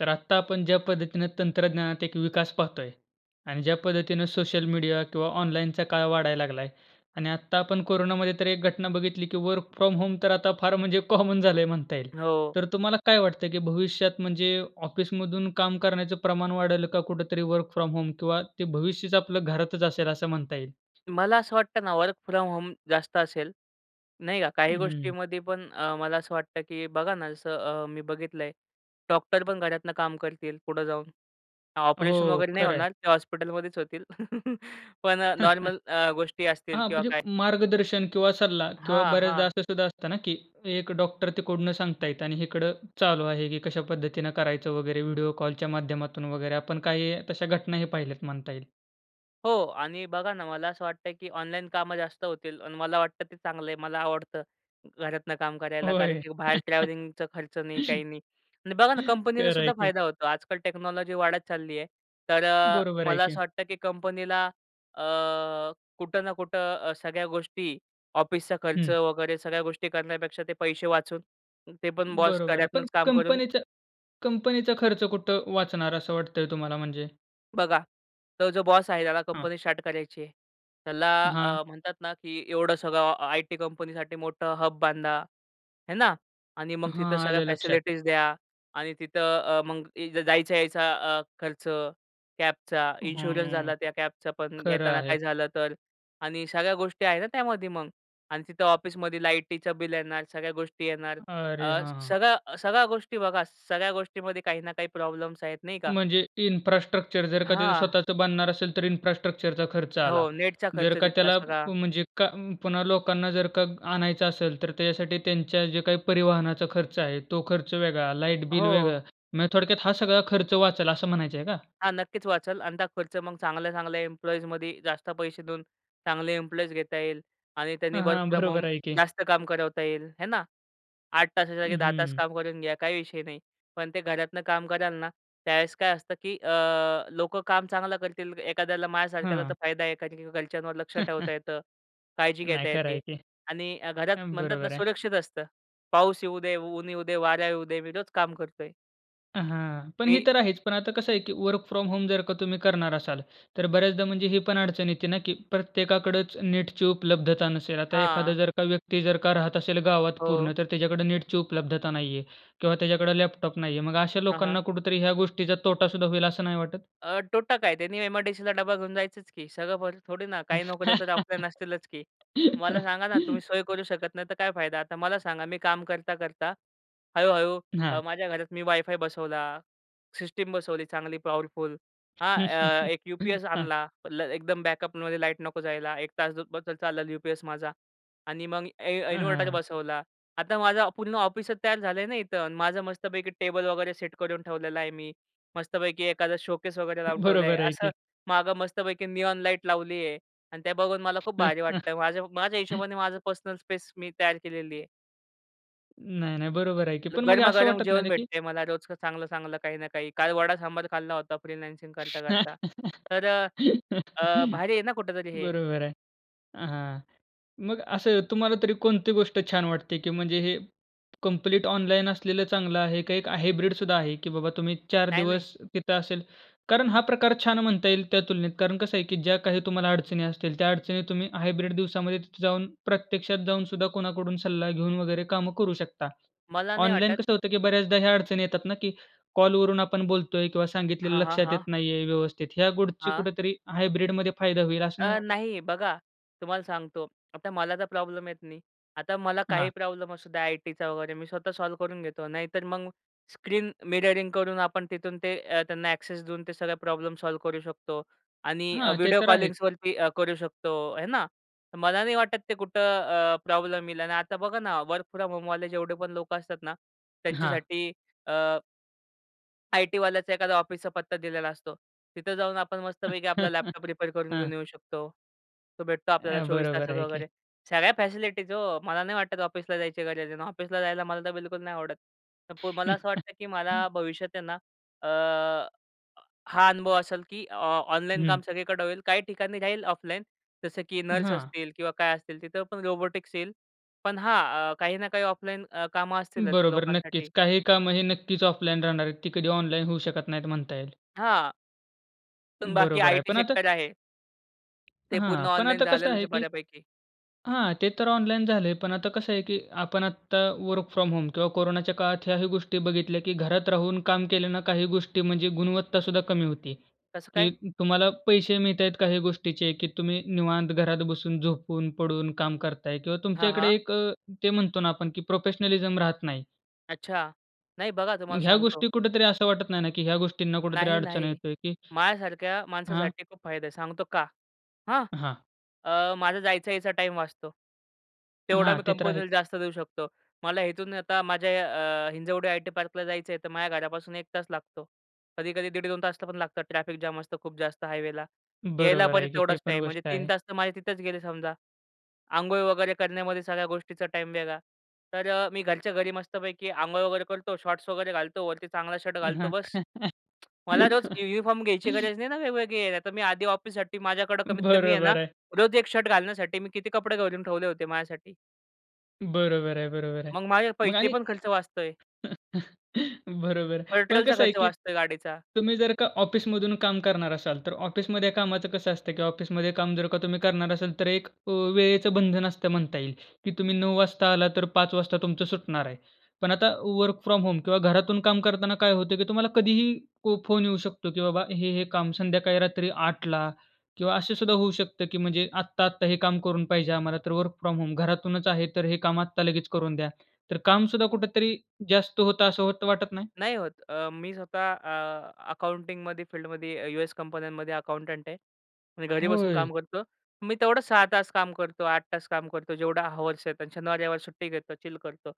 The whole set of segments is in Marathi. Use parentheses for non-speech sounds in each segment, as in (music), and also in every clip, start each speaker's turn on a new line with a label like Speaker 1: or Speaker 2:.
Speaker 1: तर आत्ता आपण ज्या पद्धतीने तंत्रज्ञानात एक विकास पाहतोय आणि ज्या पद्धतीने सोशल मीडिया किंवा ऑनलाईनचा काळ वाढायला लागलाय आणि आत्ता आपण कोरोनामध्ये तर एक घटना बघितली, की वर्क फ्रॉम होम तर आता फार म्हणजे कॉमन झालंय म्हणता येईल.
Speaker 2: हो.
Speaker 1: तर तुम्हाला काय वाटतंय, की भविष्यात म्हणजे ऑफिसमधून काम करण्याचं प्रमाण वाढल का? कुठेतरी वर्क फ्रॉम होम किंवा ते भविष्यच आपलं घरातच असेल असं म्हणता येईल?
Speaker 2: मला असं वाटतं ना वर्क फ्रॉम होम जास्त असेल, नाही का. काही
Speaker 1: हं, हं.
Speaker 2: गोष्टीमध्ये पण अ, मला असं वाटतं की बघा ना जसं अ, मी बघितलंय डॉक्टर पण घरातुन काम करतील पुढं जाऊन. ऑपरेशन
Speaker 1: हो.
Speaker 2: वगैरे नाही
Speaker 1: खरं आहे.
Speaker 2: होणार. ते हॉस्पिटलमध्येच होतील. (laughs) पण अ,
Speaker 1: (chuckles)
Speaker 2: नॉर्मल अ, गोष्टी असतील
Speaker 1: हा. (unintelligible)
Speaker 2: किंवा
Speaker 1: म्हणजे
Speaker 2: काय
Speaker 1: मार्गदर्शन किंवा सल्ला किंवा
Speaker 2: हां,
Speaker 1: बऱ्याचदा
Speaker 2: हां.
Speaker 1: असं सुद्धा असतं ना, की एक डॉक्टर तिकडून सांगत आहेत आणि इकडं चालू आहे की कशा पद्धतीने करायचं वगैरे व्हिडिओ कॉलच्या माध्यमातून वगैरे आपण काही तश्या घटनाही पहिल्यात म्हणता येईल.
Speaker 2: हो आणि बघा ना मला असं वाटतं, की ऑनलाईन कामं जास्त होतील आणि मला वाटतं ते चांगलं आहे. मला आवडतं घरातनं काम करायला कारण
Speaker 1: होय.
Speaker 2: की बाहेर ट्रॅव्हलिंगचा खर्च नाही, काही
Speaker 1: (laughs)
Speaker 2: नाही. आणि बघा ना कंपनीलासुद्धा
Speaker 1: खरंय की.
Speaker 2: फायदा होतो आजकाल टेक्नॉलॉजी वाढत चालली आहे. तर अ,
Speaker 1: बरोबर आहे
Speaker 2: मला
Speaker 1: की.
Speaker 2: असं वाटतं, की कंपनीला अ, कुठं ना कुठं अ, सगळ्या गोष्टी ऑफिसचा खर्च
Speaker 1: हं.
Speaker 2: वगैरे सगळ्या गोष्टी करण्यापेक्षा ते पैसे वाचून ते पण बॉस
Speaker 1: बरोबर आहे. पण
Speaker 2: घरातनाच काम करून
Speaker 1: कंपनीच्या कंपनीचा खर्च कुठं वाचणार असं वाटतंय तुम्हाला म्हणजे?
Speaker 2: बघा तो जो बॉस आहे त्याला
Speaker 1: हां.
Speaker 2: कंपनी स्टार्ट करायचीय, त्याला
Speaker 1: हां.
Speaker 2: अ, म्हणतात ना, की एवढं सगळं अ, आयटी कंपनीसाठी मोठं हब बांधा, हे ना? आणि मग तिथं
Speaker 1: हां.
Speaker 2: सगळ्या
Speaker 1: आलं लक्षात.
Speaker 2: फॅसिलिटीज द्या आणि तिथं अ, मग इ द जायच-यायचा अ, खर्च, कॅबचा, इन्शुरन्स
Speaker 1: हम्म.
Speaker 2: झाला, त्या कॅबचा पण
Speaker 1: खरं
Speaker 2: येताना
Speaker 1: आहे.
Speaker 2: काही झालं तर आणि सगळ्या गोष्टी आहे ना त्यामध्ये मग? अन् तिथं ऑफिसमध्ये लाईटीचं बिल येणार, सगळ्या गोष्टी येणार,
Speaker 1: अरे
Speaker 2: अ,
Speaker 1: हां.
Speaker 2: सगळ्या, अ, सगळ्या गोष्टी बघा. सगळ्या गोष्टीमध्ये काही ना काही प्रॉब्लेम्स आहेत, नाही का?
Speaker 1: म्हणजे इन्फ्रास्ट्रक्चर जर का त्याचं
Speaker 2: हां.
Speaker 1: स्वतःचं बनणार असेल, तर इन्फ्रास्ट्रक्चरचा खर्च आला.
Speaker 2: हो, नेटचा खर्च
Speaker 1: जर का
Speaker 2: तिथला
Speaker 1: त्याला
Speaker 2: सगळा.
Speaker 1: म्हणजे का उम्म, पुन्हा लोकांना जर का आणायचं असेल तर त्याच्यासाठी त्यांच्या जे काही परिवहनाचा खर्च आहे, तो खर्च वेगळा, लाईट बिल
Speaker 2: हो.
Speaker 1: वेगळं. म्हणजे थोडक्यात हा सगळा खर्च वाचेल, असं म्हणायचंय का?
Speaker 2: हां, नक्कीच वाचेल अन् ता खर्च मग चांगल्या-चांगल्या एम्प्लॉईजमध्ये जास्त पैसे देऊन, चांगले इम्प्लॉईज घेता येईल. आणि त्यानी
Speaker 1: हां,
Speaker 2: वर्क
Speaker 1: हां.
Speaker 2: फ्रॉम होम
Speaker 1: बरोबर आहे की.
Speaker 2: जास्त काम करवता येईल, हे ना? 8 तासाच्या ऐवजी
Speaker 1: हं,
Speaker 2: 10 तास
Speaker 1: हं.
Speaker 2: काम करून घ्या, काही विषय नाही. पण ते घरातनं काम कराल ना त्यावेळेस काय असतं, की अ, लोकं काम चांगलं करतील एखाद्याला माझ्यासारख्याला तर
Speaker 1: हां.
Speaker 2: फायदा आहे एखाद्या, की घरच्यांवर लक्ष ठेवता
Speaker 1: (chuckles)
Speaker 2: येतं, काळजी
Speaker 1: नाही
Speaker 2: घेता
Speaker 1: खंर
Speaker 2: येते
Speaker 1: आहे की.
Speaker 2: आणि अ, घरात
Speaker 1: अ,
Speaker 2: म्हणतात ना
Speaker 1: बरोबर आहे.
Speaker 2: सुरक्षित असतं. पाऊस येऊ दे, ऊन येऊ दे, वारा येऊ दे. मी रोज काम करतोय.
Speaker 1: हां. पण हे
Speaker 2: ते.
Speaker 1: तर आहेच. पण आता कसं आहे की वर्क फ्रॉम होम जर का तुम्ही करणार असाल, तर बऱ्याचदा म्हणजे हे पण अडचण येते ना की प्रत्येकाकडचं नेटची उपलब्धता नसेल. आता एखादा
Speaker 2: हां.
Speaker 1: जर का व्यक्ती, जर का राहत असेल गावात
Speaker 2: हो.
Speaker 1: पूर्ण, तर त्याच्याकडे नेटची उपलब्धता नाहीये किंवा त्याच्याकडे लॅपटॉप नाहीये. मग अशा
Speaker 2: हां, हां.
Speaker 1: लोकांना कुठेतरी ह्या गोष्टीचा तोटा सुद्धा होईल, असं नाही वाटत?
Speaker 2: अ, तोटा काय, त्यांनी एम-आय-डी-सीला डब्बा घेऊन जायचंच की सगळं थोडी ना काही नोकऱ्या तर ऑफलाईन असतीलच की! मला सांगा ना, तुम्ही सोय करू
Speaker 1: (laughs)
Speaker 2: शकत नाही, तर काय फायदा? आता मला सांगा, मी काम करता, करता हळू-हळू
Speaker 1: हां.
Speaker 2: माझ्या घरात मी वायफाय बसवला, सिस्टम बसवली, चांगली पॉवरफुल हां, अ,
Speaker 1: (chuckles)
Speaker 2: एक यू-पी-एस
Speaker 1: हां.
Speaker 2: आणला, एकदम बॅकअपमध्ये लाईट नको जायला, 1 तास बस चालला यू-पी-एस माझा. आणि मग इन्व्ह
Speaker 1: हां,
Speaker 2: इन्व्हर्टर
Speaker 1: हां.
Speaker 2: बसवला. आता माझं पूर्ण ऑफिस तयार झालंय ना इथं माझं, मस्तपैकी टेबल वगैरे सेट करून ठेवलेला आहे. मी मस्तपैकी एखादा शोकेस वगैरे लावून ठेवला आहे.
Speaker 1: बरोबर आहे
Speaker 2: असं
Speaker 1: की.
Speaker 2: मागं मस्तपैकी निऑन लाईट लावली आहे. आणि ते बघून मला खूप
Speaker 1: हं,
Speaker 2: भारी वाटतंय
Speaker 1: हं.
Speaker 2: माझ्या माझ्या हिशोबाने, माझं पर्सनल स्पेस मी तयार केलेली आहे.
Speaker 1: नाही, नाही. बरोबर आहे की. पण मग
Speaker 2: गरमा,
Speaker 1: असं
Speaker 2: गरम
Speaker 1: वाटत नाही
Speaker 2: जेवण
Speaker 1: का की
Speaker 2: भेटतंय मला रोज चांगलं-चांगलं काही ना काही. काल वडा सांबार खाल्ला होता फ्रीलान्सिंग करता-करता.
Speaker 1: (laughs)
Speaker 2: तर अ, भारी आहे ना, कुठेतरी हे?
Speaker 1: बरोबर आहे हां. मग असं तुम्हाला तरी कोणती गोष्ट छान वाटते की म्हणजे हे कंप्लीट ऑनलाईन असलेलं चांगलं आहे का एक हायब्रिड सुद्धा आहे? की बाबा तुम्ही 4
Speaker 2: नाही, नाही.
Speaker 1: दिवस तिथं असेल. कारण हा प्रकार छान म्हणता येईल त्या तुलनेत कारण कसं आहे की ज्या काही तुम्हाला अडचणी असतील, त्या अडचणी तुम्ही हायब्रिड दिवसामध्ये तिथे जाऊन प्रत्यक्षात जाऊन सुद्धा कोणाकडून सल्ला घेऊन वगैरे कामं करू शकता.
Speaker 2: मला नाही
Speaker 1: ऑनलाईन
Speaker 2: वाटत.
Speaker 1: कसं होतं की बऱ्याचदा ह्या अडचणी येतात ना की कॉलवरून आपण बोलतोय किंवा सांगितलेलं
Speaker 2: हां, हां.
Speaker 1: लक्षात येत
Speaker 2: हां.
Speaker 1: नाहीये व्यवस्थित. ह्या गोष्टी
Speaker 2: हां.
Speaker 1: कुठेतरी हायब्रिड मध्ये फायदा होईल, असं नाही
Speaker 2: अ,
Speaker 1: वाटत?
Speaker 2: नाही. बघा, तुम्हाला सांगतो, आता मला तर प्रॉब्लेम येत नाही. आता मला काही
Speaker 1: हां.
Speaker 2: प्रॉब्लेम असू द्या, आयटीचा वगैरे मी स्वतः सॉल्व्ह करून घेतो. नाहीतर मग स्क्रीन मिररिंग करून, आपण तिथून ते त्यांना एक्सेस देऊन, ते सगळं प्रॉब्लेम सॉल्व्ह करू शकतो आणि
Speaker 1: हां, ते
Speaker 2: व्हिडिओ
Speaker 1: तर आहेच.
Speaker 2: कॉलिंग्सवरती अ, करू शकतो, आहे ना? तर मला नाही वाटत, ते कुठं अ, प्रॉब्लेम येईल. आणि आता बघा ना, वर्क फ्रॉम होमवाले जेवढे पण लोकं असतात ना,
Speaker 1: हां.
Speaker 2: त्यांच्यासाठी अ. आयटीवाल्यांचं एखादा ऑफिसचा पत्ता दिलेला असतो, तिथं जाऊन आपण मस्तपैकी आपला लॅपटॉप
Speaker 1: (chuckles)
Speaker 2: रिपेअर करून
Speaker 1: हां.
Speaker 2: घेऊन येऊ शकतो. तो भेटतो आपल्याला
Speaker 1: अ,
Speaker 2: 24
Speaker 1: बरोबर
Speaker 2: तासात
Speaker 1: आहे की.
Speaker 2: वगैरे. सगळ्या फॅसिलिटीज हो. मला नाही वाटत ऑफिसला जायची गरज आहे अन् ऑफिसला जायला मला तर बिलकुल नाही आवडत. तर पु मला असं वाटतं, की मला
Speaker 1: (chuckles)
Speaker 2: भविष्यात आहे ना. अ, हा अनुभव असेल, की अ, ऑनलाईन
Speaker 1: हं.
Speaker 2: काम सगळीकडे होईल काही ठिकाणी जाईल ऑफलाईन जसं की नर्स
Speaker 1: हां.
Speaker 2: असतील किंवा काय असतील तिथं पण रोबोटिक्स येईल पण हा अ, काही ना काही ऑफलाईन अ, कामं असतीलच
Speaker 1: बरोबर, नक्कीच.
Speaker 2: लोकांसाठी.
Speaker 1: काही कामं हे नक्कीच ऑफलाईन राहणार आहेत. ती कधी ऑनलाईन होऊ शकत नाहीत म्हणता येईल.
Speaker 2: हां. पण बाकी
Speaker 1: बरोबर आहे.
Speaker 2: आयटी
Speaker 1: पण आता
Speaker 2: सेक्टर आहे. ते पूर्ण
Speaker 1: हां, पण
Speaker 2: ऑनलाईन
Speaker 1: आता कसं
Speaker 2: झालेलंच आहे
Speaker 1: आहे, की
Speaker 2: बऱ्यापैकी.
Speaker 1: हां. ते तर ऑनलाईन झालंय पण आता कसं आहे, की आपण आत्ता वर्क फ्रॉम होम किंवा कोरोनाच्या काळात ह्याही गोष्टी बघितल्या, की घरात राहून काम केले ना काही गोष्टी म्हणजे गुणवत्ता सुद्धा कमी होती,
Speaker 2: कसं काय?
Speaker 1: की तुम्हाला पैसे मिळतायत काही गोष्टीचे, की तुम्ही निवांत घरात बसून, झोपून, पडून काम करताय किंवा
Speaker 2: हां,
Speaker 1: तुमच्याकडे
Speaker 2: हां.
Speaker 1: एक अ, ते म्हणतो ना आपण, की प्रोफेशनलिझम राहत नाही.
Speaker 2: अच्छा. नाही बघा तुम्हाला
Speaker 1: मग ह्या
Speaker 2: सांगतो
Speaker 1: गोष्टी कुठेतरी असं वाटत नाही ना, की ह्या गोष्टींना कुठेतरी
Speaker 2: नाही,
Speaker 1: अडचण
Speaker 2: नाही.
Speaker 1: येतेय की
Speaker 2: माझ्या सारख्या
Speaker 1: हां.
Speaker 2: माणसासाठी खूप फायदा आहे सांगतो का? हां.
Speaker 1: हां.
Speaker 2: अ, माझा जायचा यायचा टाईम वाचतो. तेवढा
Speaker 1: हां,
Speaker 2: मी
Speaker 1: ते तर आहे.
Speaker 2: कंपनीला जास्त देऊ शकतो. मला इथून आता माझ्या अ, हिंजवडी आयटी पार्कला जायचं आहे तर माझ्या घरापासून 1 तास लागतो. कधी-कधी 1:30-2 तासला पण लागतं ट्रॅफिक जाम असतं खूप जास्त हायवेला. यायला
Speaker 1: बरोबर
Speaker 2: परत
Speaker 1: आहे, की ते
Speaker 2: तेवढाच
Speaker 1: पण
Speaker 2: टाईम. म्हणजे
Speaker 1: गोष्ट
Speaker 2: 3
Speaker 1: आहे.
Speaker 2: तास तर माझे तिथेच गेले समजा. अंघोळ वगैरे करण्यामध्ये सगळ्या गोष्टीचा टाईम वेगळा. तर अ, मी घरच्या घरी मस्तपैकी अंघोळ वगैरे करतो शॉर्ट्स वगैरे घालतो वरती चांगला शर्ट
Speaker 1: अ,
Speaker 2: घालतो
Speaker 1: हां.
Speaker 2: बस. मला रोज युनिफॉर्म घ्यायची
Speaker 1: (laughs)
Speaker 2: गरज नाही ना वेगवेगळे (unintelligible) नाही तर मी आधी ऑफिससाठी माझ्याकडे कमीत कमी आहे ना
Speaker 1: बरोबर आहे.
Speaker 2: रोज 1 शर्ट घालण्यासाठी मी किती कपडे करून ठेवले होते माझ्यासाठी.
Speaker 1: बरोबर आहे. बरोबर आहे.
Speaker 2: मग माझे
Speaker 1: मग
Speaker 2: पैसे
Speaker 1: आणि
Speaker 2: पण खर्च वाचतोय.
Speaker 1: (chuckles) बरोबर. पण
Speaker 2: पेट्रोलचा
Speaker 1: कसं आहे
Speaker 2: खर्च
Speaker 1: की
Speaker 2: वाचतोय गाडीचा.
Speaker 1: तुम्ही जर का ऑफिसमधून काम करणार असाल, तर ऑफिसमध्ये कामाचं कसं असतं की ऑफिसमध्ये काम जर का तुम्ही करणार असाल तर एक अ, वेळेचं बंधन असतं म्हणता येईल की तुम्ही 9:00 वाजता आलात तर 5:00 वाजता तुमचं सुटणार आहे. पण आता वर्क फ्रॉम होम किंवा घरातून काम करताना काय होतं की तुम्हाला कधीही पो फोन येऊ शकतो की बाबा हे, हे काम संध्याकाळी रात्री 8:00ला किंवा असं सुद्धा होऊ शकतं की म्हणजे आत्ता, आत्ता हे काम करून पाहिजे आम्हाला, तर वर्क फ्रॉम होम घरातूनच आहे तर हे काम आत्ता लगेच करून द्या. तर कामसुद्धा कुठेतरी जास्त होतं असं होतं वाटत नाही?
Speaker 2: नाही होत. अ, मी स्वतः अ, अकाउंटिंगमध्ये फील्डमध्ये अ, यूएस कंपन्यांमध्ये अकाउंटंट आहे. मी घरी बसून
Speaker 1: होय.
Speaker 2: काम करतो. मी तेवढं 6 तास काम करतो, 8 तास काम करतो, जेवढं हॉवर्स आहेत अन् शनिवार-रविवार सुट्टी घेतो, चिल करतो.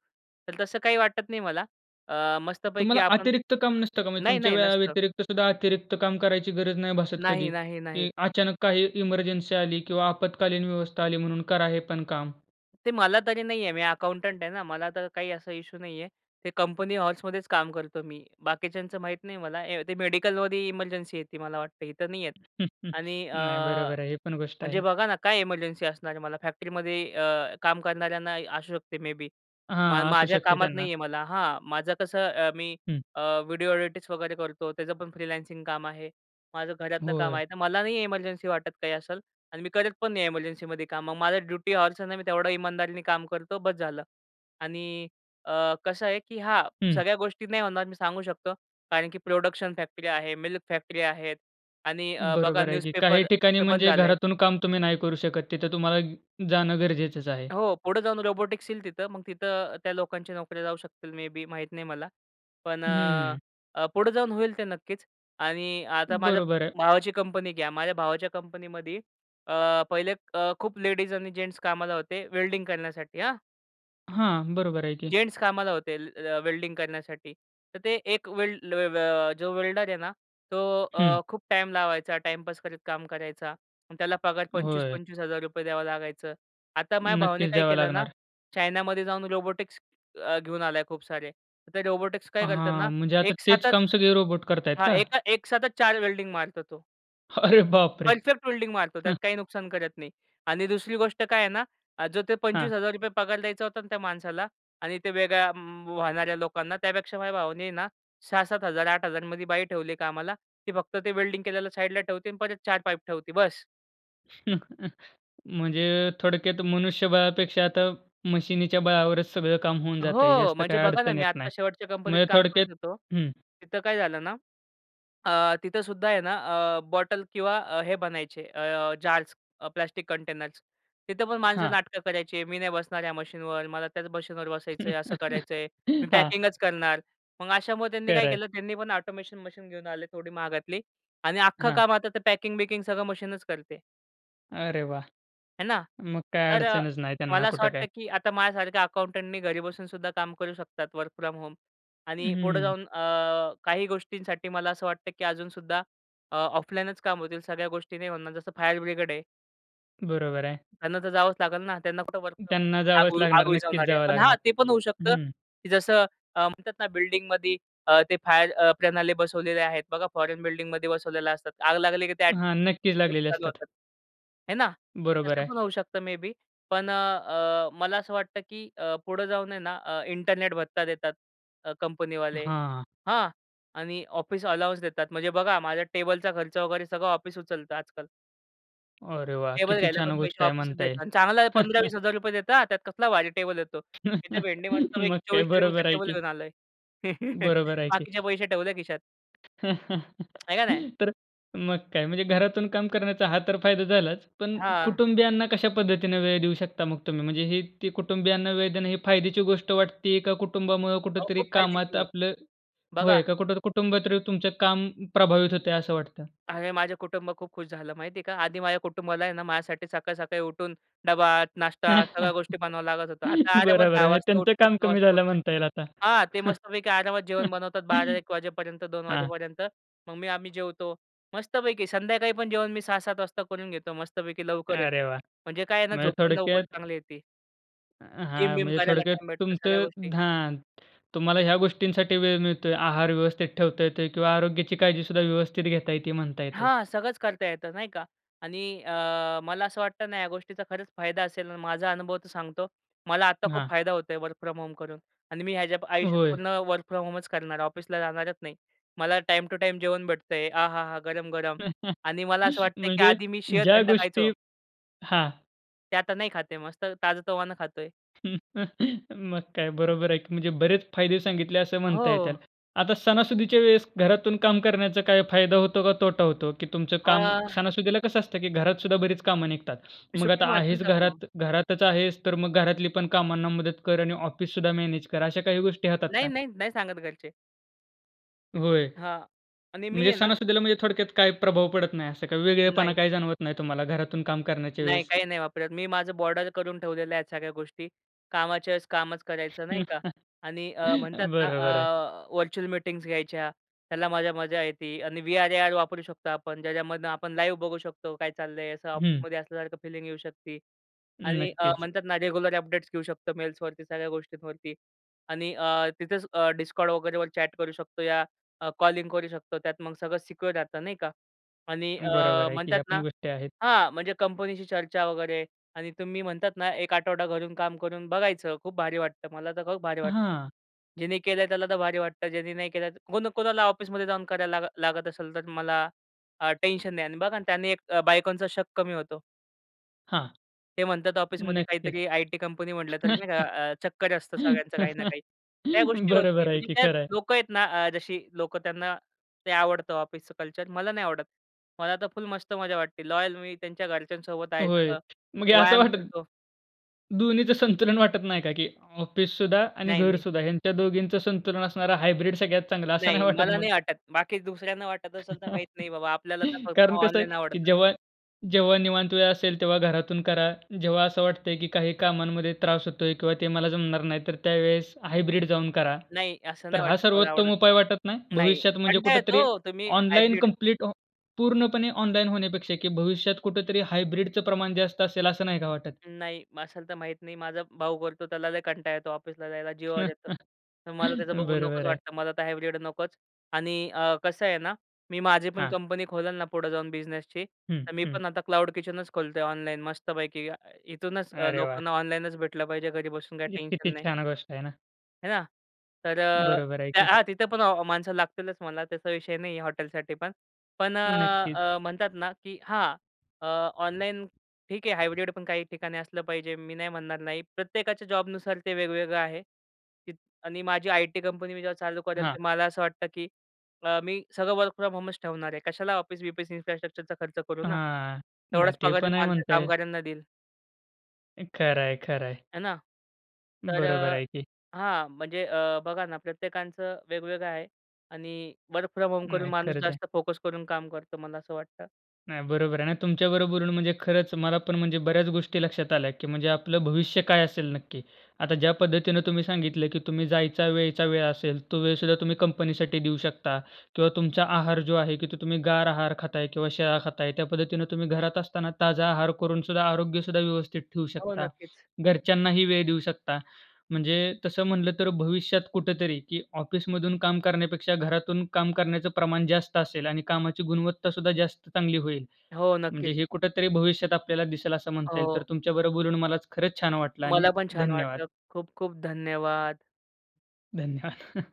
Speaker 2: तर तसं काही वाटत नाही मला. अ, मस्तपैकी
Speaker 1: तुम्हाला
Speaker 2: आपण
Speaker 1: अतिरिक्त काम नसतं का? म्हणजे
Speaker 2: नाही,
Speaker 1: तुमच्या
Speaker 2: नाही
Speaker 1: वेळा
Speaker 2: नसतं.
Speaker 1: व्यतिरिक्तसुद्धा अतिरिक्त काम करायची गरज नाही भासत
Speaker 2: नाही,
Speaker 1: कधी?
Speaker 2: नाही, नाही.
Speaker 1: की अचानक काही इमर्जन्सी आली किंवा आपत्कालीन व्यवस्था आली म्हणून करा हे पण काम?
Speaker 2: ते मला तरी नाहीये. मी अकाउंटंट आहे ना. मला तर काही असा इश्यू नाहीये. ते कंपनी हॉवर्समध्येच काम करतो मी. बाकीच्यांचं माहीत नाही मला. ए ते मेडिकलमध्ये इमर्जन्सी येती मला वाटतं. इथं नाही येत.
Speaker 1: (chuckles)
Speaker 2: आणि अ,
Speaker 1: नाही बरोबर आहे. हे पण गोष्ट
Speaker 2: म्हणजे
Speaker 1: आहे.
Speaker 2: बघा ना काय एमर्जन्सी असणार आहे मला? फॅक्टरीमध्ये अ, काम करणाऱ्यांना इ असू शकते मे बी. मा
Speaker 1: हां, असू
Speaker 2: माझ्या
Speaker 1: शकते
Speaker 2: कामात
Speaker 1: त्यांना.
Speaker 2: नाहीये मला हां, माझं कसं अ, मी
Speaker 1: हं.
Speaker 2: अ, व्हिडिओ ऑडिटच वगैरे करतो, त्याचं पण फ्रीलान्सिंग काम आहे. माझं घरातनं काम
Speaker 1: होय.
Speaker 2: आहे. तर मला नाही इमर्जन्सी वाटत काही असेल. अन् मी करत पण नाही इमर्जन्सीमध्ये काम. मग माझं ड्युटी हॉवर्स नाही मी तेवढं इमानदारीने काम करतो, बस झालं. आणि अ, कसं आहे की हां,
Speaker 1: हं.
Speaker 2: सगळ्या गोष्टी नाही होणार मी सांगू शकतो कारण की प्रोडक्शन फॅक्टरी आहे, मिल्क फॅक्टरी आहेत आणि अ, बघा
Speaker 1: बरोबर आहे की. काही
Speaker 2: न्यूजपेपर
Speaker 1: ठिकाणी
Speaker 2: तर बंद
Speaker 1: म्हणजे
Speaker 2: झालंय.
Speaker 1: घरातून काम तुम्ही नाही करू शकत. तिथं तुम्हाला जाणं गरजेचच आहे.
Speaker 2: हो, पुढे जाऊन रोबोटिक्स येईल तिथं. मग तिथं त्या लोकांच्या नोकऱ्या जाऊ शकतील, मे बी, माहीत नाही मला. पण अ,
Speaker 1: हम्म.
Speaker 2: अ, पुढे जाऊन होईल ते नक्कीच. आणि आता माझ्या
Speaker 1: बरोबर आहे.
Speaker 2: भावाची कंपनी घ्या. माझ्या भावाच्या कंपनीमध्ये अ, पहिले अ, खूप लेडीज आणि जेन्ट्स कामाला होते वेल्डिंग करण्यासाठी हां?
Speaker 1: हां. बरोबर आहे की.
Speaker 2: जेन्टस कामाला होते. ल अ, वेल्डिंग करण्यासाठी. तर ते एक वेल्ड ल अ, जो वेल्डर आहे ना तो अ,
Speaker 1: हं.
Speaker 2: खूप टाईम लावायचा टाईमपास करत काम करायचा. त्याला पगार पंचवीस
Speaker 1: होय.
Speaker 2: पंचवीस हजार रुपये द्यावं लागायचं. आता माझ्या भावाने
Speaker 1: नक्कीच.
Speaker 2: काय
Speaker 1: द्यावा
Speaker 2: केलं ना?
Speaker 1: लागणार.
Speaker 2: चायनामध्ये जाऊन रोबोटिक्स अ, घेऊन आला खूप सारे. ते रोबोटिक्स काय करतात ना,
Speaker 1: हां. म्हणजे आता तेच
Speaker 2: एकसाथच
Speaker 1: काम सगळे रोबोट करत आहेत
Speaker 2: हां,
Speaker 1: का?
Speaker 2: एका एकसाथच 4 वेल्डिंग मारतो तो.
Speaker 1: अरे बाप रे!
Speaker 2: परफेक्ट वेल्डिंग मारतो त्यात
Speaker 1: हं.
Speaker 2: काही नुकसान करत नाही. आणि दुसरी गोष्ट काय आहे ना जो ते
Speaker 1: हां.
Speaker 2: ₹25,000 पगार द्यायचा होता ना त्या माणसाला आणि ते वेगळ्या वाहणाऱ्या लोकांना त्यापेक्षा माझ्या भावाने आहे ना 6,000-7,000, 8,000 मध्ये बाई ठेवली कामाला. ती फक्त ते वेल्डिंग केलेलं साइडला ठेवते आणि परत 4 पाईप ठेवते. बस.
Speaker 1: (chuckles) म्हणजे थोडक्यात मनुष्यबळापेक्षा आता मशिनीच्या बळावरच सगळं काम होऊन जातंय.
Speaker 2: हो.
Speaker 1: जास्त
Speaker 2: म्हणजे
Speaker 1: काही
Speaker 2: बघा ना
Speaker 1: अडचण
Speaker 2: मी
Speaker 1: येत
Speaker 2: आता
Speaker 1: नाही.
Speaker 2: शेवटच्या कंपनीत
Speaker 1: म्हणजे
Speaker 2: काम
Speaker 1: थोडक्यात
Speaker 2: करीत होतो.
Speaker 1: हं.
Speaker 2: तिथं काय झालं ना अ, तिथं सुद्धा आहे ना अ, बॉटल किंवा अ, हे बनायचे अ, जार्स अ, प्लास्टिक कंटेनर्स. तिथे पण माणसं
Speaker 1: हां.
Speaker 2: नाटकं करायची. मी नाही बसणार ह्या मशीनवर, मला त्याच मशीनवर बसायचंय, असं करायचंय.
Speaker 1: (chuckles)
Speaker 2: मी
Speaker 1: हां.
Speaker 2: पॅकिंगच करणार. मग अशामुळं त्यांनी काय
Speaker 1: खरं आहे.
Speaker 2: केलं त्यांनी पण ऑटोमेशन मशीन घेऊन आले थोडी महागातली आणि अख्खं
Speaker 1: हां.
Speaker 2: काम आता ते पॅकिंग-बिकिंग सगळं मशीनच करते.
Speaker 1: अरे वाह!
Speaker 2: आहे ना?
Speaker 1: मग काय
Speaker 2: तर
Speaker 1: अडचणच नाही त्यांना
Speaker 2: मला असं
Speaker 1: कुठे
Speaker 2: वाटतं
Speaker 1: काय?
Speaker 2: की आता माझ्यासारख्या अकाउंटंटनी घरी बसून सुद्धा काम करू शकतात वर्क फ्रॉम होम. आणि पुढे
Speaker 1: हं.
Speaker 2: जाऊन अ, काही गोष्टींसाठी मला असं वाटतं की अजून सुद्धा अ, ऑफलाईनच काम होतील सगळ्या गोष्टी नाही होणार जसं फायर ब्रिगेड आहे.
Speaker 1: बरोबर आहे.
Speaker 2: त्यांना तर जावच लागेल ना. त्यांना कुठं वर्क फ्रॉम
Speaker 1: त्यांना जावच
Speaker 2: आग आग
Speaker 1: लागणार. नक्कीच
Speaker 2: विझवणारी आहे.
Speaker 1: जावं
Speaker 2: पण हा
Speaker 1: लागणार.
Speaker 2: ते पण होऊ शकतं.
Speaker 1: हं.
Speaker 2: की जसं अ, म्हणतात ना बिल्डिंगमध्ये अ, ते फायर अ, प्रणाली बसवलेले आहेत. बघा फोरेन बिल्डिंगमध्ये बसवलेले असतात. आग लागली की ते
Speaker 1: हां. नक्कीच
Speaker 2: ऑटोमॅटिक
Speaker 1: लागलेले
Speaker 2: चालू
Speaker 1: असतात.
Speaker 2: होतात. हे ना
Speaker 1: बरोबर
Speaker 2: तसं
Speaker 1: आहे.
Speaker 2: पण होऊ शकतं मेबी पण अ, मला असं वाटतं की अ, पुढं जाऊन आहे ना अ, इंटरनेट भत्ता देतात अ, कंपनीवाले
Speaker 1: हां.
Speaker 2: हां. आणि ऑफिस अलोवन्स देतात म्हणजे बघा माझ्या टेबलचा खर्च वगैरे सगळं ऑफिस उचलत आजकाल.
Speaker 1: अरे वाह!
Speaker 2: टेबल
Speaker 1: किती
Speaker 2: घ्यायला
Speaker 1: छान
Speaker 2: पण
Speaker 1: गोष्ट
Speaker 2: पैसे
Speaker 1: आहे
Speaker 2: ऑफिसत
Speaker 1: म्हणता
Speaker 2: देतात.
Speaker 1: येईल.
Speaker 2: आणि चांगला पंधरा
Speaker 1: (chuckles)
Speaker 2: वीस हजार रुपये देता, त्यात कसला भारी टेबल येतो. तिथे
Speaker 1: (chuckles)
Speaker 2: भेंडी मस्तपैकी
Speaker 1: मग काय?
Speaker 2: 2400चा
Speaker 1: बरोबर आहे
Speaker 2: टेबल
Speaker 1: की.
Speaker 2: येऊन आल आहे. (chuckles)
Speaker 1: बरोबर आहे की.
Speaker 2: बाकीचे पैसे ठेवल्या खिशात.
Speaker 1: (chuckles)
Speaker 2: आहे का नाही?
Speaker 1: तर मग काय? म्हणजे घरातून काम करण्याचा हा तर फायदा झालाच. पण
Speaker 2: हां.
Speaker 1: कुटुंबियांना कशा पद्धतीने वेळ देऊ शकता मग तुम्ही? म्हणजे हि ते कुटुंबियांना वेळ देणं हे फायद्याची गोष्ट वाटते का, कुटुंबामुळ
Speaker 2: अहो
Speaker 1: कुठेतरी
Speaker 2: खूप
Speaker 1: कामात
Speaker 2: फायदेशीर आहे.
Speaker 1: आपलं
Speaker 2: बघा
Speaker 1: होय का? कुठं कुटुंबात तुमचं काम प्रभावित होतंय असं वाटत?
Speaker 2: अरे माझं कुटुंब खूप खुश झालं, माहिती आहे का. आधी माझ्या कुटुंबाला आहे ना माझ्यासाठी सकाळ-सकाळी उठून डबा, नाश्ता, सगळ्या गोष्टी
Speaker 1: (chuckles)
Speaker 2: बनवावं लागत होतं आता आरामात
Speaker 1: बरोबर.
Speaker 2: 10
Speaker 1: म्हणजे
Speaker 2: वाजता
Speaker 1: त्यांचं
Speaker 2: उठतात,
Speaker 1: काम
Speaker 2: 9
Speaker 1: कमी
Speaker 2: वाजता
Speaker 1: झालं
Speaker 2: उठतात.
Speaker 1: म्हणता येईल आता.
Speaker 2: हां. ते मस्तपैकी आरामात जेवण बनवतात बारा
Speaker 1: (chuckles)
Speaker 2: एक वाजेपर्यंत 2
Speaker 1: हां.
Speaker 2: वाजेपर्यंत मग मी आम्ही जेवतो. मस्तपैकी संध्याकाळी पण जेवण मी 6-7 वाजता करून घेतो मस्तपैकी लवकरच.
Speaker 1: अरे वाह!
Speaker 2: म्हणजे काय आहे ना
Speaker 1: म्हणजे
Speaker 2: झोप पण लवकर
Speaker 1: थोडक्यात.
Speaker 2: चांगली येते
Speaker 1: अ,
Speaker 2: जिम
Speaker 1: हां.
Speaker 2: बिम
Speaker 1: म्हणजे
Speaker 2: करायला
Speaker 1: थोडक्यात
Speaker 2: टाईम भेटतो, सगळ्या
Speaker 1: तुमचं
Speaker 2: गोष्टी.
Speaker 1: हां, तुम्हाला ह्या गोष्टींसाठी वेळ मिळतोय. आहार व्यवस्थित ठेवता येतोय किंवा आरोग्याची काळजी सुद्धा व्यवस्थित घेता येती म्हणता येते.
Speaker 2: हां. सगळंच करता येतं, नाही का? आणि अ, मला असं वाटतं ना या गोष्टीचा खरंच फायदा असेल आणि माझा अनुभव तर सांगतो. मला आता खूप
Speaker 1: हां.
Speaker 2: फायदा होत आहे वर्क फ्रॉम होम करून. आणि मी ह्याच्या आयुष्यात
Speaker 1: होय.
Speaker 2: पूर्ण वर्क फ्रॉम होमचं करणार. ऑफिसला जाणारच नाही. मला टाईम टू टाईम जेवण भेटतंय. आहाहा! गरम-गरम. आणि मला असं वाटतंय की
Speaker 1: म्हणजे
Speaker 2: आधी मी
Speaker 1: ज्या
Speaker 2: शिळं-थंड खायचो.
Speaker 1: गोष्टी हां.
Speaker 2: ते आता नाही खात आहे. मस्त ताजं-तवानं खातोय.
Speaker 1: (chuckles) मग काय बरोबर आहे की. म्हणजे बरेच फायदे सांगितले असं म्हणता
Speaker 2: हो.
Speaker 1: येईल. आता सणासुदीच्या वेळेस घरातून काम करण्याचा काय फायदा होतो का तोटा होतो, की तुमचं काम
Speaker 2: आह.
Speaker 1: सणासुदीला कसं असतं की घरात सुद्धा बरीच काम निघतात.
Speaker 2: मी
Speaker 1: मग
Speaker 2: सुट्टी
Speaker 1: आता
Speaker 2: मारतो ना
Speaker 1: आहेस
Speaker 2: तेव्हा मग.
Speaker 1: घरात घरातच आहेस तर मग घरातली पण कामांना मदत कर आणि ऑफिससुद्धा मॅनेज कर अश्या काही गोष्टी होतात
Speaker 2: नाही,
Speaker 1: का?
Speaker 2: नाही. नाही सांगत घरचे.
Speaker 1: होय.
Speaker 2: हां. आणि मी
Speaker 1: म्हणजे
Speaker 2: आहे ना
Speaker 1: सणासुदीला म्हणजे थोडक्यात काही प्रभाव पडत नाही असं काही वेगळेपणा
Speaker 2: नाही.
Speaker 1: काही जाणवत नाही तुम्हाला घरातून काम करण्याच्या
Speaker 2: नाही,
Speaker 1: वेळेस?
Speaker 2: काही-नाही वापरत. मी माझं बॉर्डर करून ठेवलेल्या आहेत सगळ्या गोष्टी. कामाच्या वेळेस कामच करायचं, नाही का?
Speaker 1: (chuckles)
Speaker 2: आणि अ, म्हणतात ना,
Speaker 1: बरोबर आहे.
Speaker 2: अ, व्हर्चुअल मीटिंग्स घ्यायच्या. त्याला माझ्या मजा येती आणि वी-आर ए-आर वापरू शकतो आपण, ज्याच्यामधनं आपण लाईव्ह बघू शकतो काय चाललंय असं
Speaker 1: हं.
Speaker 2: ऑफिसमध्ये असल्यासारखं फीलिंग येऊ शकते. आणि अ,
Speaker 1: नक्कीच.
Speaker 2: म्हणतात ना, रेग्युलर अपडेट्स घेऊ शकतो मेल्सवरती, सगळ्या गोष्टींवरती. आणि अ, तिथेच अ, डिस्कॉर्ड वगैरेवर चॅट करू शकतो या अ, कॉलिंग करू शकतो त्यात मग सगळं सिक्युअर राहतं नाही का? आणि अ,
Speaker 1: बरोबर आहे की
Speaker 2: म्हणतात
Speaker 1: ह्यापण
Speaker 2: ना
Speaker 1: गोष्टी आहेत.
Speaker 2: हां, म्हणजे कंपनीशी चर्चा वगैरे आणि तुम्ही म्हणतात ना, 1 आठवडा घरून काम करून बघायचं. खूप भारी वाटतं. मला तर खूप भारी वाटतं.
Speaker 1: हां.
Speaker 2: ज्यानी केलंय त्याला तर भारी वाटतं. ज्यानी नाही केलं कोण कोणाला ऑफिसमध्ये जाऊन करायला लाग लागत असेल तर मला, अ, टेन्शन नाही आणि बघा आणि त्याने एक बायकोंचा शक कमी होतो.
Speaker 1: हां.
Speaker 2: ते म्हणतात ऑफिसमध्ये
Speaker 1: नक्कीच.
Speaker 2: काहीतरी, आई टी कंपनी म्हटलं तर नाही का अ, चक्कर असतं सगळ्यांचं काही ना
Speaker 1: (chuckles)
Speaker 2: काही. त्या गोष्टी होत नाही,
Speaker 1: बरोबर आहे
Speaker 2: म्हणजे
Speaker 1: की.
Speaker 2: त्यात
Speaker 1: खरं आहे.
Speaker 2: लोक आहेत ना, अ, जशी लोकं त्यांना, ते आवडतं ऑफिसच कल्चर मला नाही आवडत. मला तर फुल मस्त मजा वाटते लॉयल, मी त्यांच्या घरच्यांसोबत आहे
Speaker 1: होय.
Speaker 2: सगळं,
Speaker 1: मग हे असं
Speaker 2: व्यायाम
Speaker 1: वाटतं
Speaker 2: करतो.
Speaker 1: दोन्हीचं संतुलन वाटत नाही का, की ऑफिससुद्धा आणि
Speaker 2: नाही, नाही.
Speaker 1: घरसुद्धा ह्यांच्या दोघींचं संतुलन असणारा. हायब्रिड सगळ्यात चांगला, असं नाही
Speaker 2: नाही.
Speaker 1: वाटत
Speaker 2: मला
Speaker 1: मग?
Speaker 2: नाही वाटत. बाकी दुसऱ्यांना वाटत असेल, तर माहीत
Speaker 1: (chuckles)
Speaker 2: नाही बाबा, आपल्याला तर फक्त
Speaker 1: कारण कसं आहे,
Speaker 2: ऑनलाईन
Speaker 1: की
Speaker 2: आवडतं.
Speaker 1: जेव्हा, जेव्हा निवांत वेळ असेल तेव्हा घरातून करा. जेव्हा असं वाटतंय, की काही कामांमध्ये त्रास होतोय किंवा ते मला जमणार नाही तर त्यावेळेस, हायब्रिड जाऊन करा.
Speaker 2: नाही, असं
Speaker 1: तर
Speaker 2: नाही
Speaker 1: हा
Speaker 2: वाटत मला आवडंल.
Speaker 1: सर्वोत्तम उपाय वाटत नाही.
Speaker 2: नाही
Speaker 1: भविष्यात म्हणजे
Speaker 2: कंटाळ येतो
Speaker 1: कुठेतरी
Speaker 2: हो, तुम्ही
Speaker 1: ऑनलाईन,
Speaker 2: हायब्रिड
Speaker 1: कंप्लीट अ, पूर्णपणे ऑनलाईन होण्यापेक्षा, की भविष्यात कुठेतरी हायब्रिडचं प्रमाण जास्त असेल, असं नाही का वाटत?
Speaker 2: नाही असेल तर माहीत नाही, माझा भाऊ करतो त्याला लई कंटाळा येतो ऑफिसला जायला, जीवावर येतं
Speaker 1: (chuckles)
Speaker 2: तर मला त्याचं बघून नकोच
Speaker 1: बरोबर आहे.
Speaker 2: वाटतं मला तर हायब्रिड नकोच. आणि अ, कसं आहे ना, मी माझी पण
Speaker 1: हां.
Speaker 2: कंपनी खोलन ना पुढे जाऊन बिझनेसची,
Speaker 1: हं,
Speaker 2: तर मी
Speaker 1: हं.
Speaker 2: पण आता क्लाऊड किचनच खोलतो ऑनलाईन मस्त पैकी. इथूनच
Speaker 1: अरे वाह!
Speaker 2: लोकांना ऑनलाईनच भेटलं पाहिजे घरी बसून, काही
Speaker 1: किती
Speaker 2: टेन्शन नाही.
Speaker 1: छान गोष्ट आहे ना?
Speaker 2: है ना. तर अ,
Speaker 1: बरोबर आहे
Speaker 2: त्या
Speaker 1: की.
Speaker 2: हा तिथे पण माणसं लागतीलच म्हणा, त्याचा विषय नाही आहे हॉटेलसाठी पण. पण
Speaker 1: नक्कीच.
Speaker 2: अ, म्हणतात ना की हां अ, ऑनलाईन ठीक आहे हायब्रिड पण काही ठिकाणी असलं पाहिजे. मी नाही म्हणणार नाही. प्रत्येकाच्या जॉबनुसार ते वेगवेगळं आहे आणि माझी आय-टी कंपनी मी जेव्हा चालू करेल
Speaker 1: हां.
Speaker 2: तर, मला असं वाटतं की अ, मी सगळं वर्क फ्रॉम होमच ठेवणार आहे. कशाला ऑफिस-बीफीस इन्फ्रास्ट्रक्चरचा खर्च करू ना?
Speaker 1: हां. नाही
Speaker 2: तेवढाच
Speaker 1: ते
Speaker 2: पगार मी
Speaker 1: पण आहे
Speaker 2: माझ्या
Speaker 1: म्हणताय.
Speaker 2: कामगाऱ्यांना देईल.
Speaker 1: खरं आहे, खरं आहे.
Speaker 2: है ना. तर
Speaker 1: बरोबर
Speaker 2: अ,
Speaker 1: आहे की.
Speaker 2: हां. म्हणजे अ, बघा ना प्रत्येकाचं वेगवेगळं आहे आणि वर्क फ्रॉम होम करून
Speaker 1: नाही
Speaker 2: माणूस
Speaker 1: खरंच आहे.
Speaker 2: जास्त फोकस करून काम करतो, मला असं वाटतं.
Speaker 1: नाही, बरोबर आहे ना. तुमच्या बरोबर बोलून म्हणजे खरंच मला पण म्हणजे बऱ्याच गोष्टी लक्षात आल्या की म्हणजे आपलं भविष्य काय असेल नक्की. आता ज्या पद्धतीने तुम्ही सांगितलं की तुम्ही जायचा वेयचा वेळ असेल, तो वेळसुद्धा तुम्ही कंपनीसाठी देऊ शकता किंवा तुमचा आहार जो आहे की तुम्ही गार आहार खाताय किंवा शिळा खाताय. त्या पद्धतीने तुम्ही घरात असताना ताजा आहार करूनसुद्धा आरोग्यसुद्धा व्यवस्थित ठेवू
Speaker 2: हो.
Speaker 1: शकता,
Speaker 2: नक्कीच.
Speaker 1: घरच्यांनाही वेळ देऊ शकता. म्हणजे तसं म्हटलं तर भविष्यात कुठेतरी की ऑफिसमधून काम करण्यापेक्षा घरातून काम करण्याचं प्रमाण जास्त असेल आणि कामाची गुणवत्ता सुद्धा जास्त चांगली होईल.
Speaker 2: हो.
Speaker 1: म्हणजे
Speaker 2: नक्कीच.
Speaker 1: हे कुठेतरी भविष्यात आपल्याला दिसेल असं म्हणता येईल. तर
Speaker 2: हो.
Speaker 1: तुमच्या बरोबर बोलून मला खरंच छान वाटलं आणि
Speaker 2: मला पण छान
Speaker 1: धन्यवाद!
Speaker 2: वाटलं. खूप खूप धन्यवाद!
Speaker 1: धन्यवाद!